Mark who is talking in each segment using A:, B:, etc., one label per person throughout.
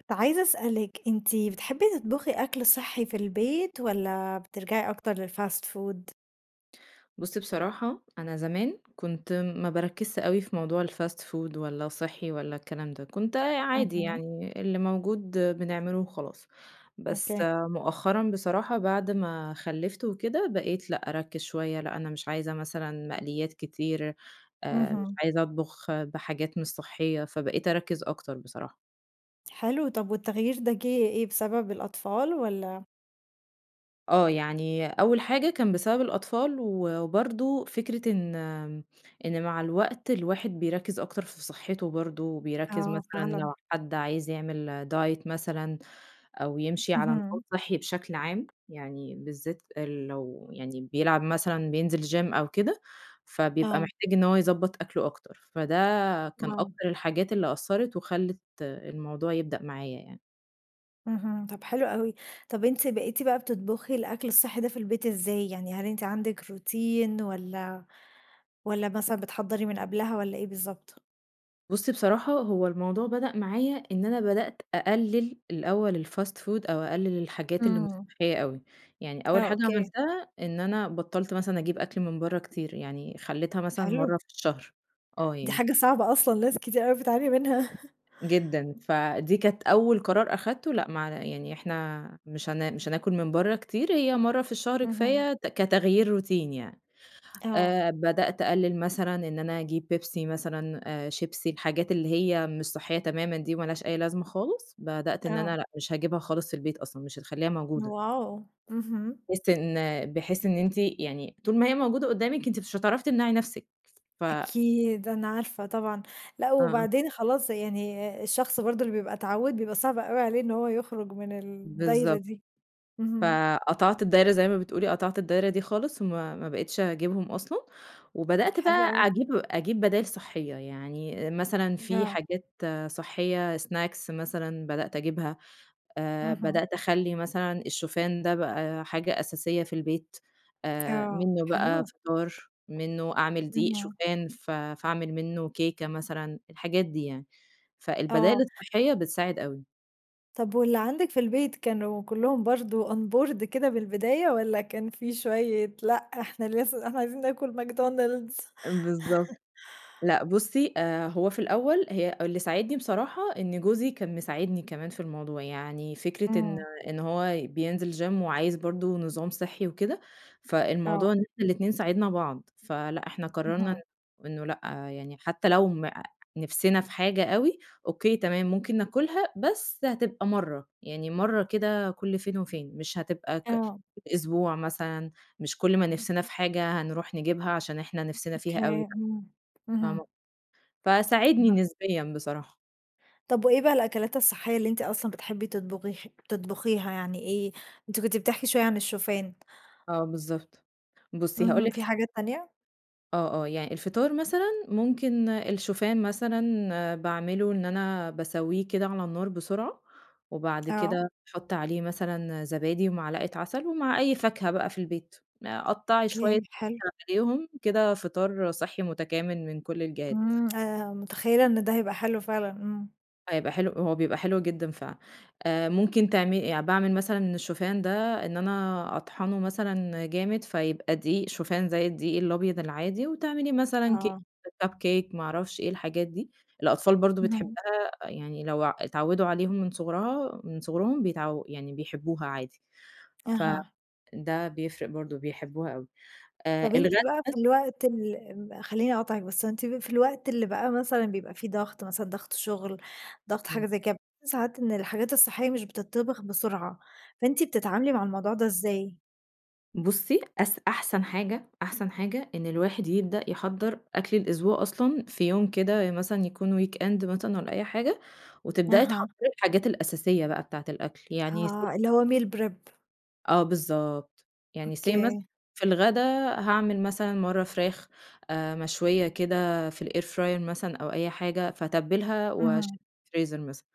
A: كُنت عايزه أسألِك، أنتِ بتحبي تطبُخي أكل صحي في البيت والَّا بترجعي أكتر للFast food؟
B: بُصّي، بصراحة أنا زمان كنت ما باركّزش اوي في موضوع الFast food والّا صحي والّا الكلام ده، كنت آآ عادي
A: اهم.
B: يعني، اللي موجود بنعمله وخلاص، بس
A: أوكي.
B: مؤخرًا بصراحة بعد ما خلّفت وكده بقيت لأ أرَكّز شوية، لأ أنا مش عايزة مثلًا مقليات كتير آآ مش
A: اهم.
B: عايزه أطبخ بحاجات مش صحية، فبقيت أرَكّز أكتر بصراحة.
A: حلو، طَب والتغيير ده جه إيه، بسبب الأطفال والّا؟
B: آه يعني أول حاجة كان بسبب الأطفال و وبرضه فكرة إن إن مع الوقت الواحد بيرَكّز أكتر في صحته برضه، بيرَكّز
A: آه،
B: مثلًا
A: فعلًا.
B: لو حد عايز يعمل Diet مثلًا أو يمشي على نظام
A: اهم.
B: صحّي بشكل عام، يعني بالذات إ لو يعني بيلعب مثلًا، بينزل Gym أو كده، فبيبقى
A: آه.
B: محتاج إن هو يضَبّط أكله أكتر. فده كان
A: آه.
B: أكتر الحاجات اللي أثّرت وخلّت الموضوع يبدأ معايا يعني.
A: اهم، طب حلو اوي، طب أنتِ بقيتِ بقى بتطبخي الأكل الصحي ده في البيت إزاي؟ يعني هل أنتِ عندِك روتين والّا والّا مثلًا بتحَضّري من قبلها والّا إيه بالضبط؟
B: بُصي بصراحة، هو الموضوع بدأ معايا إن أنا بدأت أقلّل الأول الfast food أو أقلل الحاجات اللي مش
A: امم.
B: صحية أوي، يعني أول
A: آه،
B: حاجة
A: أوكي.
B: عملتها، إن أنا بطّلت مثلًا أجيب أكل من بره كتير، يعني خلّيتها مثلًا
A: حلو.
B: مرة في الشهر، آه
A: دي
B: يعني.
A: حاجة صعبة أصلًا، ناس كتير اوي بتعاني منها.
B: جدًا، فدي كانت أول قرار أخدته لأ معنا يعني إحنا مش هنا مش هناكل من بره كتير هي مرة في الشهر كفاية
A: اهم.
B: ت كتغيير روتين يعني
A: آه.
B: آآ، بدأت أقلل مثلًا إن أنا أجيب بيبسي مثلًا، شيبسي الحاجات اللي هي مش صحية تمامًا دي وما لهاش أي لازمة خالص، بدأت إن
A: آه.
B: أنا لأ مش هاجيبها خالص في البيت أصلًا، مش هتخليها موجودة.
A: واو! اهم.
B: بحيث إن بحيث إن أنتِ يعني طول ما هي موجودة قُدّامِك أنتِ مش هتعرفي تمنعي نفسِك، ف
A: أكيد، أنا عارفة طبعًا، لأ
B: آمم.
A: وبعدين خلاص يعني الشخص برضه اللي بيبقى اتعوّد بيبقى صعب اوي عليه إن هو يخرج من الدايرة
B: بالضبط.
A: دي، اهم.
B: فقطعت الدايرة زي ما بتقولي، قطعت الدايرة دي خالص وما ما بقِتش أجيبهم أصلًا، وبدأت
A: حلو
B: بقى
A: أوي.
B: أجيب أجيب بدايل صحية، يعني مثلًا في
A: آه.
B: حاجات صحية سناكس مثلًا بدأت أجيبها آآ،
A: اهم.
B: بدأت أخَلّي مثلًا الشوفان ده بقى حاجة أساسية في البيت آآ،
A: آه،
B: منه بقى
A: حلو.
B: فطار، منه أعمل دقيق
A: إمم.
B: شوفان ف فأعمل منه كيكة مثلًا، الحاجات دي يعني. فالبدايل
A: آه.
B: الصحية بتساعد أوي.
A: طب واللي عندِك في البيت كانوا كلّهم برضو onboard كده بالبداية والّا كان في شوية لأ إحنا لسه إحنا عايزين ناكل ماكدونالدز؟
B: بالضبط، لأ، بُصّي، آآ، هو في الأول هي اللي ساعدني بصراحة إن جوزي كان مساعدني كمان في الموضوع، يعني فكرة إن
A: امم.
B: إن هو بينزل gym وعايز برضو نظام صحّي وكده، فالموضوع
A: آه.
B: إن إحنا الاتنين ساعدنا بعض، فلأ إحنا قررنا
A: اهم.
B: إن إنه لأ يعني حتى لو ما نِفسنا في حاجة أوي، أوكي تمام، ممكن ناكلها بس هتبقى مَرّة، يعني مَرّة كده كُلّ فين وفين، مش هتبقى ك
A: آه.
B: أسبوع مثلًا، مش كُلّ ما نِفسنا في حاجة هنروح نجيبها عشان إحنا نِفسنا فيها أوي،
A: أوكي
B: لأ
A: امم، اهم.
B: فاهمة فساعدني
A: آه.
B: نسبيًا بصراحة.
A: طب وإيه بقى الأكلات الصحية اللي أنتِ أصلًا بتحبي تطبغي تطبخيها يعني إيه؟ أنتِ كنت بتحكي شوية عن الشوفان.
B: آه بالضبط، بُصّي هاقول
A: اهم،
B: لِك
A: في حاجات تانية؟
B: آه آه، يع الفطار مثلًا ممكن الشوفان مثلًا باعمله إن أنا باسوّيه كده على النار بسرعة، وبعد
A: آه.
B: كده باحط عليه مثلًا زبادي ومعلقة عسل ومع أي فاكهة بقى في البيت، قطعي شوية
A: أوكي حلو.
B: [unintelligible] عليهم، كده فطار صحّي متكامل من كُلّ الجهات.
A: امم، آآ، متخيلة إن ده هيبقى حلو فعلًا، امم.
B: هيبقى حلو هو بيبقى حلو جدًا فعلًا آآ ممكن تعمل باعمل مثلًا الشوفان ده إن أنا أطحنه مثلًا جامد فيبقى دقيق شوفان زي الدقيق الأبيض العادي، وتعملي مثلًا كيك،
A: آه.
B: كب كيك، ما أعرفش إيه، الحاجات دي الأطفال برضه
A: اهم.
B: بتحبها يعني لو آآ اتعودوا عليهم من صغرها من صغرهم بيتعو يعني بيحبوها عادي، ف
A: أها.
B: ده بيفرق برضه بيحبوها أوي آآ
A: طب أنتِ
B: الغدا
A: بقى
B: بس
A: في الوقت ال ال خليني أقاطعك بس، أنتِ في الوقت اللي بقى مثلًا بيبقى في ضغط مثلًا ضغط شغل ضغط
B: إمم.
A: حاجة زي كده بتشوفي ساعات إن الحاجات الصحية مش بتطبخ بسرعة، فأنتِ بتتعاملي مع الموضوع ده إزاي؟
B: بُصي أس أحسن حاجة أحسن حاجة إن الواحد يبدأ يحضر أكل الأسبوع أصلًا في يوم كده مثلًا يكون weekend مثلًا والّا أي حاجة وتبدأي
A: أها.
B: تحضري الحاجات الأساسية بقى بتاعة الأكل يعني س
A: آه اللي هو meal prep.
B: آه بالضبط يعني Say مثلًا
A: أوكي.
B: في الغدا هاعمل مثلًا مرة فراخ آآ مشوية كده في الair fryer مثلًا أو أي حاجة فاتبلها
A: اهم.
B: وأشيلها في الفريزر مثلًا،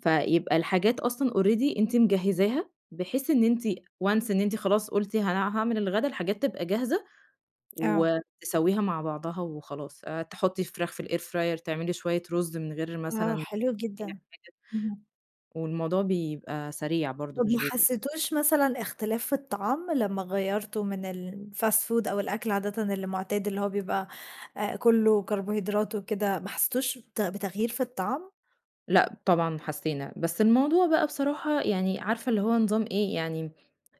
B: فيبقى الحاجات أصلًا already أنتِ مجهزاها بحيث إن أنتِ، once إن أنتِ خلاص قُلتِ هان هاعمل الغدا الحاجات تبقى جاهزة
A: آه.
B: وتسويها مع بعضها وخلاص، آآ تحطي الفراخ في الair fryer تعملي شوية رز من غير مثلًا
A: آه حلو
B: أي
A: جدًا
B: حاجة
A: اهم.
B: والموضوع بيبقى سريع برضه
A: طب ما
B: مش بي
A: حسيتوش مثلًا اختلاف في الطعام لما غيرتوا من الfast food أو الأكل عادةً اللي معتاد، اللي هو بيبقى كله، كربوهيدرات وكده ما حسيتوش بت بتغيير في الطعام؟
B: لأ طبعًا حسّينا. بس الموضوع بقى بصراحة يعني عارفة اللي هو نظام إيه، يعني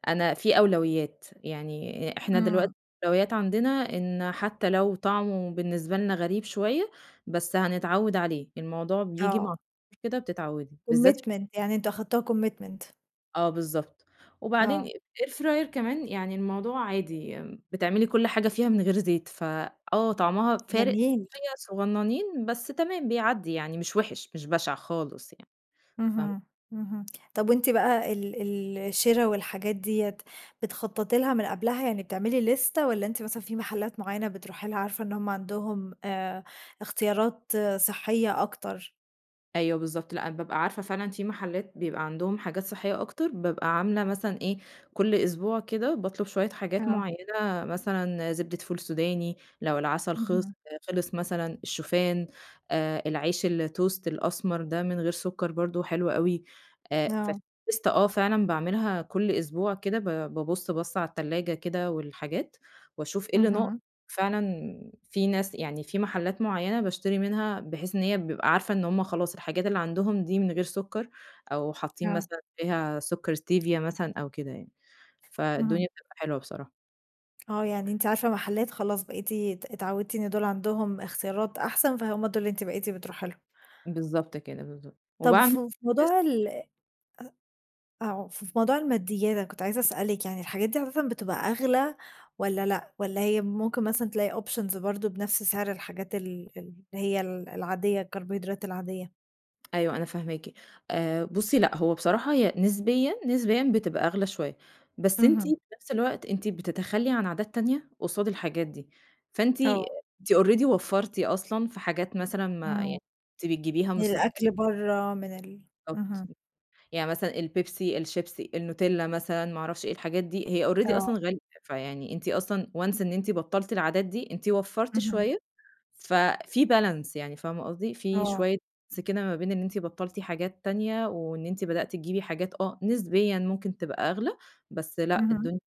B: أنا في أولويّات، يعني إحنا دلوقتي
A: إمم.
B: الأولويّات عندنا إن حتّى لو طعمه بالنسبة لنا غريب شوية بس هنتعوِّد عليه، الموضوع بييجي مع
A: آه.
B: التكرار كده بتتعوِّدي بالذات
A: commitment، يعني أنتم أخدتوها commitment.
B: آه بالضبط. وبعدين
A: آه.
B: آآ air fryer كمان يعني الموضوع عادي بتعملي كل حاجة فيها من غير زيت، ف آه، طعمها فارق
A: جميل.
B: شوية صغنّنين بس تمام بيعدِي يعني مش وِحِش، مش بَشِع خالص يعني. فاه
A: اهم، اهم. طَب وأنتِ بقى ال ال الشِرا والحاجات ديّة بتخطَّطي لها من قبلها، يعني بتعملي ليستة والّا أنتِ مثلًا في محلّات معيّنة بتروحي لها عارفة إن هم عندهم آآ اختيارات صحّية أكتر؟
B: أيوه بالضبط، لأ، أنا بابقى عارفة فعلًا في محلّات بيبقى عندهم حاجات صحّية أكتر بابقى عاملة مثلًا إيه، كل أسبوع كده باطلُب شوية حاجات
A: آه.
B: معيّنة مثلًا زبدة فول سوداني لو العسل خِلِص
A: اهم.
B: خِلِص مثلًا، الشوفان، آآ العيش الtoast الأسمر ده من غير سُكَّر برضه حلو أوي، آآ
A: آه.
B: فالليستة آه، فعلًا باعملها كل أسبوع كده ب بابُص بَصّة على التلاجة كده والحاجات وأشوف إيه اللي ناقص.
A: اهم.
B: فعلًا في ناس يعني في محلّات معيّنة باشتري منها بحيث إن هي بيبقى عارفة إن هم خلاص الحاجات اللي عندهم دي من غير سُكَّر أو حاطّين
A: آه.
B: مثلًا فيها سُكَّر ستيفيا مثلًا أو كده يعني،
A: إمم.
B: فالدنيا بتبقى حلوة بصراحة.
A: آه يعني أنتِ عارفة محلات خلاص بقيتِ أت اتعوّدتِ إن دول عندهم إختيارات أحسن، فهُم دول اللي أنتِ بقيتِ بتروحي لهم.
B: بالضبط كده بالضبط
A: طب
B: وباعم
A: فو في
B: أس
A: موضوع الأ أو في في موضوع الماديات أنا كنت عايزة اسألِك، يعني الحاجات دي أساسًا بتبقى أغلى والّا لأ والّا هي ممكن مثلًا تلاقي options برضه بنفس سعر الحاجات ال اللي هي ال العاديّة الكربوهيدرات العاديّة؟
B: أيوه أنا فهماكِ آآ بُصّي لأ هو بصراحة هي نسبيًا، نسبيًا بتبقى أغلى شوية بس أنتِ في
A: اهم.
B: نفس الوقت أنتِ بتتخلّي عن عادات تانية قصاد الحاجات دي، فأنتِ أ
A: آه.
B: أنتِ already وفّرتِ أصلًا في حاجات مثلًا ما
A: إمم.
B: يع كنتِ بتجبيها
A: من
B: مش صح
A: الأكل برّا من ال
B: بالضبط،
A: اهم.
B: يعني مثلًا البيبسي، الشيبسي، النوتيلّا، مثلًا ما اعرفش إيه الحاجات دي هي already
A: آه.
B: أصلًا غالية فيعني أنتِ أصلًا once إن أنتِ بطّلتِ العادات دي أنتِ وفّرتِ
A: اهم.
B: شوية ففي balance يعني فاهمة قصدي؟ في
A: آه.
B: شوية [unintelligible] ما بين إن أنتِ بطّلتِ حاجات تانية وإن أنتِ بدأتِ تجيبي حاجات آه نسبيًا ممكن تبقى أغلى بس لأ
A: اهم.
B: الدني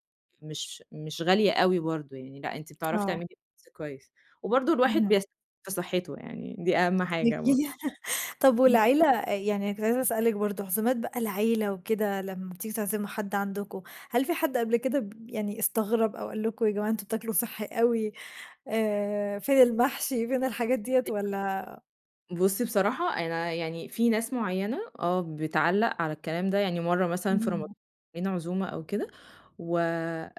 B: مش مش غالية أوي برضه يعني لأ أنتِ بتعرفي تعملي
A: آه.
B: balance كويس وبرضه الواحد
A: اهم.
B: بيس في صحته يعني دي أهم حاجة بر
A: [unintelligible] طب
B: إمم.
A: والعيلة أ يعني أنا كنت عايزة اسألِك برضه عزومات بقى العيلة وكده لما بتيجوا تعزموا حد عندكم هل في حد قبل كده ب ب يعني استغرب أو قال لكم يا جماعة أنتم تاكلوا صحّي أوي آآ فين المحشي فين الحاجات دِيّة والّا
B: [unintelligible] بُصّي بصراحة أنا يعني في ناس معيّنة آه بتعلّق على الكلام ده، يعني مرّة مثلًا في رمضا
A: اهم.
B: عاملين عزومة أو كده و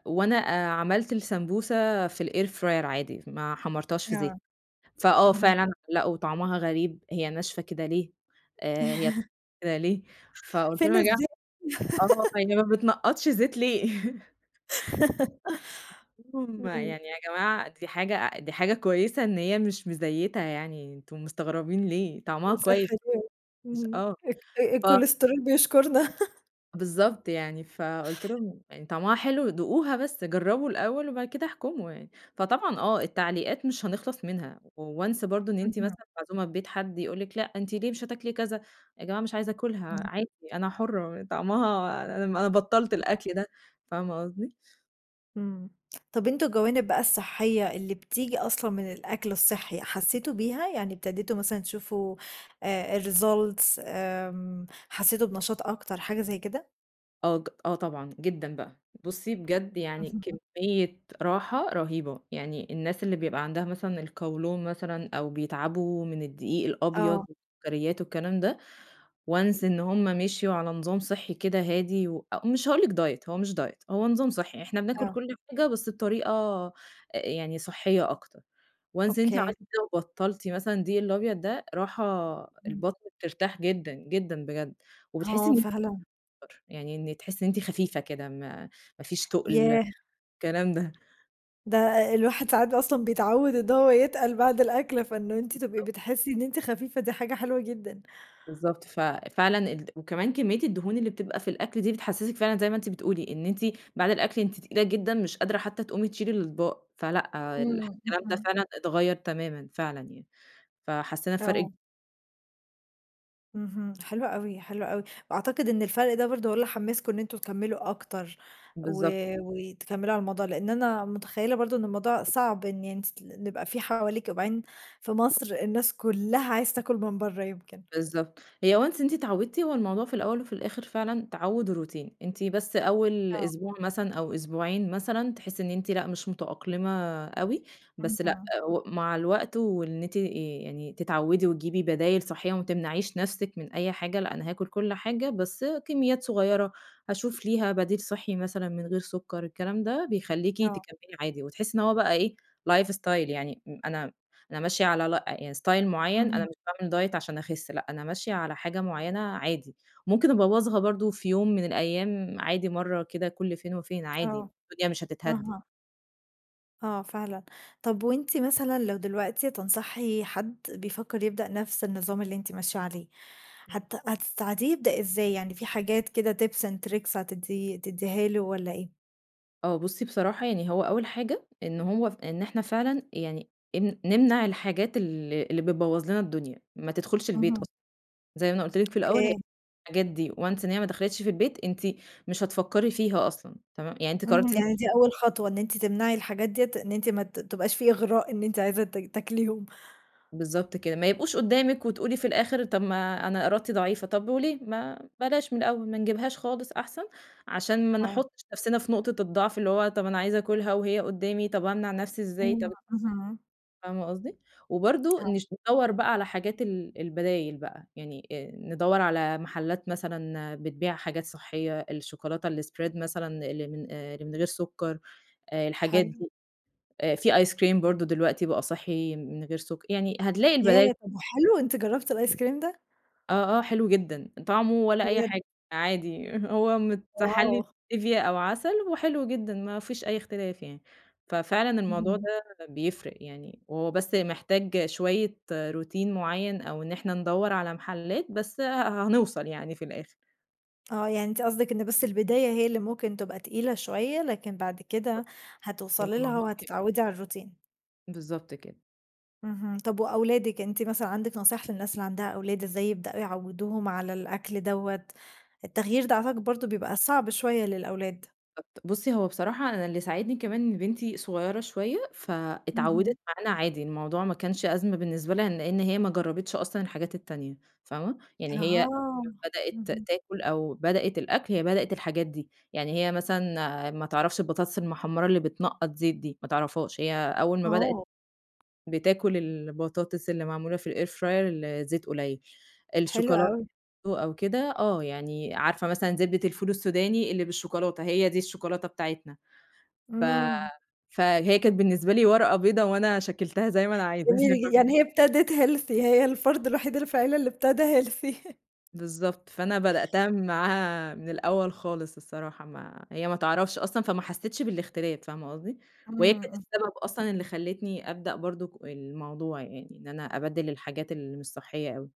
B: وأنا آآ عملت السمبوسة في الair fryer عادي ما حمرتهاش في زيتK
A: آه
B: فآه
A: اهم.
B: فعلًا لأ وطعمها غريب، هي ناشفة كده ليه، آآ هي ب كده ليه! فقُلت
A: فين
B: لهم يا جما
A: الزيت..
B: آه هي ما بتنقطش زيت ليه؟. قُلت لهم
A: إمم.
B: يعني يا جماعة دي حاجة أ دي حاجة كويسة إن هي مش مزيّتة يعني أنتم مستغربين ليه، طعمها
A: وصحّي
B: كويس
A: فعلًا
B: مش
A: اهم
B: آه،
A: اك أ أ
B: ف
A: الكوليسترول بيشكرنا..
B: بالضبط يعني، فقُلت لهم: "طعمها حلو، دوقوها بس جربوا الأول وبعد كده احكموا يعني." فطبعًا آه، التعليقات مش هنخلص منها Once برضه إن أنتِ
A: اهم.
B: مثلًا معزومة في بيت حد يقول لك: "لا أنتِ ليه مش هتاكلي كذا؟" "يا جماعة مش عايزة آكلها،
A: امم.
B: عادي أنا حرة طعمها أنا بطلت
A: [unintelligible]
B: الأكل ده." فاهمة قصدي؟
A: إمم طَب أنتم الجوانب بقى الصحية اللي بتيجي أصلًا من الأكل الصحي حسيتم بيها؟ يعني ابتديتم مثلًا تشوفوا آآ، Results آمم، حسيتم بنشاط أكتر حاجة زي كده؟
B: آه ج آه طبعًا، جدًا بقى، بُصي بجد يعني كمية راحة رهيبة، يعني الناس اللي بيبقى عندها مثلًا القولون مثلًا أو بيتعبوا من الدقيق الأبيض
A: آه.
B: والسكريات والكلام ده Once إن هُم مشيوا على نظام صحي كده هادي و مش هاقول لِك Diet هو مش Diet هو نظام صحي، إحنا بناكل
A: آه.
B: كل حاجة بس بطريقة يعني صحية أكتر Once إن أنتِ
A: Okay.
B: عملتِ كده وبطلتِ مثلًا الدقيق الأبيض ده راحة
A: إمم.
B: البطن بترتاح جدًا، جدًا بجد وبتحسي
A: آه
B: إن
A: فعلًا.
B: [unintelligible] يعني إن تحسي أنتِ خفيفة كده ما ما فيش تقل،
A: ياه!
B: الكلام ده.
A: ده الواحد ساعات ب أصلًا بيتعود إن هو يتقل بعد الأكل، فإنه أنتِ تبقي
B: بالضبط.
A: بتحسي إن أنتِ خفيفة دي حاجة حلوة جدًا.
B: بالضبط، ففعلًا الد وكمان كمية الدهون اللي بتبقى في الأكل دي بتحسسِك فعلًا زي ما أنتِ بتقولي، إن أنتِ بعد الأكل أنتِ تقيلة جدًا مش قادرة حتى تقومي تشيلي الأطباق، فلأ،
A: امم
B: الكلام ده
A: اهم.
B: فعلًا اتغيّر تمامًا فعلًا يعني. فحسينا بفرق ك
A: آه. اهم، حلو اوي، حلو اوي، وأعتقد إن الفرق ده برضه هو اللي حمّسكوا إن انتم تكَمّلوا أكتر، و
B: بالضبط.
A: وتكملوا على الموضوع، لأن أنا متخيلة برضه إن الموضوع صعب إن يعني تي يبقى في حواليكِ وبعدين في مصر الناس كُلّها عايزة تاكل من برّه يمكن.
B: بالضبط، هي once أنتِ اتعودتِ، هو الموضوع في الأول وفي الآخر فعلًا تعوُّد و روتين، أنتِ بس أول
A: آه.
B: أسبوع مثلًا أو أسبوعين مثلًا تحسي إن أنتِ لأ مش متأقلمة اوي، بس لأ
A: اهم.
B: مع الوقت وإن أنتِ يعني تتعوِدي وتجيبي بدايل صحية وما تمنعيش نفسِك من أي حاجة، لأ أنا هاكل كل حاجة بس آآ كمّيّات صغيرة. هاشوف ليها بديل صحي مثلًا من غير سكر الكلام ده، بيخلّيكي
A: آه.
B: تكمّلي عادي، وتحسّي إن هو بقى إيه life style يعني م أنا أنا ماشية على لا يعني ستايل معين أنا
A: اهم.
B: مش باعمل دايت عشان أخِس لأ. أنا ماشية على حاجة معينة عادي، ممكن أبَوّظها برضه في يوم من الأيام عادي مرّة كده كل فين وفين عادي
A: آه،
B: الدنيا مش هتتهد ي
A: اهم. آه فعلًا، طَب وأنتِ مثلًا لو دلوقتي تنصحي حد بيفكر يبدأ نفْس النظام اللي أنتِ ماشية عليه،
B: إمم.
A: هت هتساعديه يبدأ إزاي، يعني في حاجات كده Tips and Tricks هتدّي هتديها له والّا إيه؟
B: آه بُصّي، بصراحة يعني هو أول حاجة إنه هو إن إحنا فعلًا يعني إن نمنع الحاجات ال اللي بتبوظ لنا الدنيا، ما تدخلش البيت
A: اهم.
B: أصلًا، زي ما أنا قُلت لِك في الأول، هي
A: أوكي.
B: حاجات دي Once إن هي ما دخلتش في البيت، أنتِ مش هتفكري فيها أصلًا تمام، يعني أنتِ
A: امم،
B: قررتِ أنتِ
A: يعني دي أول خطوة إن أنتِ تمنعي الحاجات ديّة، إن أنتِ ما تبقاش في إغراء إن أنتِ عايزه ت تاكليهم.
B: بالضبط كده، ما يبقوش قدامِك وتقولي في الآخر طَب ما أنا إرادتي ضعيفة، طب وليه؟ ما بلاش من الأول، ما نجيبهاش خالص أحسن، عشان ما
A: آه.
B: نحطش نفْسنا في نقطة الضعف، اللي هو، طَب أنا عايزة آكلها وهي قدامي، طَب أمنع نفسي إزاي؟ طَب
A: امم، اهم.
B: فاهمة قصدي؟ وبرضه
A: آه.
B: نش ندوّر بقى على حاجات ال البدايل بقى، يعني ندوّر على محلات مثلًا بتبيع حاجات صحية، الشكولاتة الSpread مثلًا اللي من اللي من غير سكر، الحاجات
A: حلو.
B: دي، في Ice Cream برضه دلوقتي بقى صحي من غير سك يعني هتلاقي البداي
A: ياه! طَب وحلو أنتِ جربتِ الIce Cream ده؟
B: آه، آه، حلو جدًا، طعمه ولا أي
A: بجد؟
B: حاجة عادي، هو متحلي
A: آه.
B: بStevia أو عسل وحلو جدًا ما فيش أي اختلاف يعني، ففعلًا الموضوع
A: اهم.
B: ده بيفرق يعني، هو بس محتاج شوية Routine معيّن أو إن إحنا ندوّر على محلات بس ه هنوصل يعني في الآخر.
A: آه، يعني أنتِ قصدِك إن بس البداية هي اللي ممكن تبقى تقيلة شوية، لكن بعد كده هتوصلي لها
B: الموضوع ك
A: وهتتعودي على الروتين.
B: بالضبط كده.
A: اهم، طب وأولادِك أنتِ مثلًا عندك نصايح للناس اللي عندها أولاد إزاي يبدؤوا يعوّدوهم على الأكل دوّة، التغيير ده أعتقد برضو بيبقى صعب شوية للأولاد.
B: [unintelligible] بُصّي هو بصراحة أنا اللي ساعدني كمان إن بنتي صغيّرة شوية، فاتعودت
A: اهم.
B: معانا عادي، الموضوع ما كانش أزمة بالنسبة لها لإن هي ما جربتش أصلًا الحاجات التانية، فاهمة، يعني هي
A: أها،
B: أول ما بدأت
A: اهم.
B: تأكل أو بدأت الأكْل هي بدأت الحاجات دي، يعني هي مثلًا ما تعرفش البطاطس المحمرة اللي بتنقط زيت دي، ما تعرفهاش، هي أول ما بدأت
A: آه.
B: بتاكل البطاطس اللي معمولة في الair fryer الزيت قليل،
A: حلو
B: الشوكولاتة
A: أوي.
B: برضو أو كده، آه يعني عارفة مثلًا زبدة الفول السوداني اللي بالشوكولاتة هي دي الشوكولاتة بتاعتنا، ف
A: امم.
B: فهي كانت بالنسبة لي ورقة بيضا وأنا شكّلتها زي ما أنا عايزة [unintelligible]
A: جميل ج يعني هي ابتدت healthy، هي الفرد الوحيد اللي في العيلة اللي ابتدا healthy.
B: بالضبط فأنا بدأتها معاها من الأول خالص الصراحة ما هي ما تعرفش أصلًا فما حسيتش بالاختلاف فاهمة قصدي؟ وهي
A: امم،
B: كانت
A: اهم.
B: السبب أصلًا اللي خلّتني أبدأ برضك الموضوع يعني إن أنا أبدّل الحاجات اللي مش صحية أوي.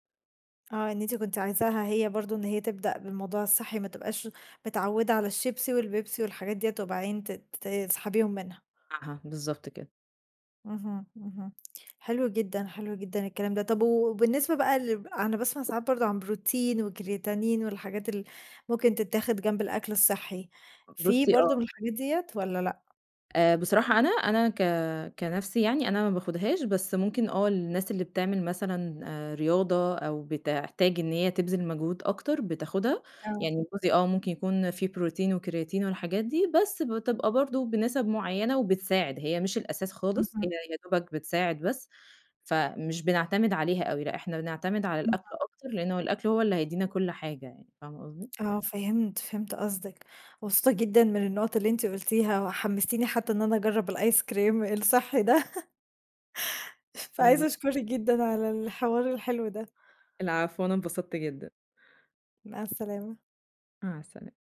A: آه إن أنتِ كنتِ عايزاها هي برضه إن هي تبدأ بالموضوع الصحي ما تبقاش، متعودة على الشيبسي والبيبسي والحاجات ديّة وبعدين ت تسحبيهم منها.
B: أها بالضبط كده.
A: اهم، اهم. حلو جدًا، حلو جدًا الكلام ده. طب وبالنسبة بقى لل أنا باسمع ساعات برضه عن بروتين وكرياتين والحاجات اللي ممكن تتاخد جنب الأكل الصحي، في
B: بُصي
A: برضه
B: آه.
A: من الحاجات ديّة والّا لأ؟
B: آآ بصراحة أنا، أنا ك كنفسي يعني أنا ما باخدهاش بس ممكن آه الناس اللي بتعمل مثلًا آآ رياضة أو بتحتاج إن هي تبذل مجهود أكتر بتاخدها،
A: آه.
B: يعني جوزي آه ممكن يكون في بروتين وكرياتين والحاجات، دي بس بتبقى برضه بنسب معينة وبتساعد هي مش الأساس خالص
A: اهم.
B: هي يا دوبك بتساعد بس، فمش بنعتمد عليها أوي. لا إحنا بنعتمد على
A: اهم.
B: الأكل
A: [unintelligible]
B: أكتر لأنه الأكل هو اللي هيدينا كل حاجة يعني فاهمة قصدي؟
A: آه فهمت، فهمت قصدِك مبسوطة جدًا من النقط اللي أنتِ قُلتيها وحمستيني حتى إن أنا أجرب الآيس كريم الصحي ده..
B: شكرًا
A: فعايزة
B: ليكِ.
A: أشكرِك جدًا على الحوار الحلو ده.
B: العفو وأنا انبسطت جدًا.
A: مع السلامة.
B: مع السلامة.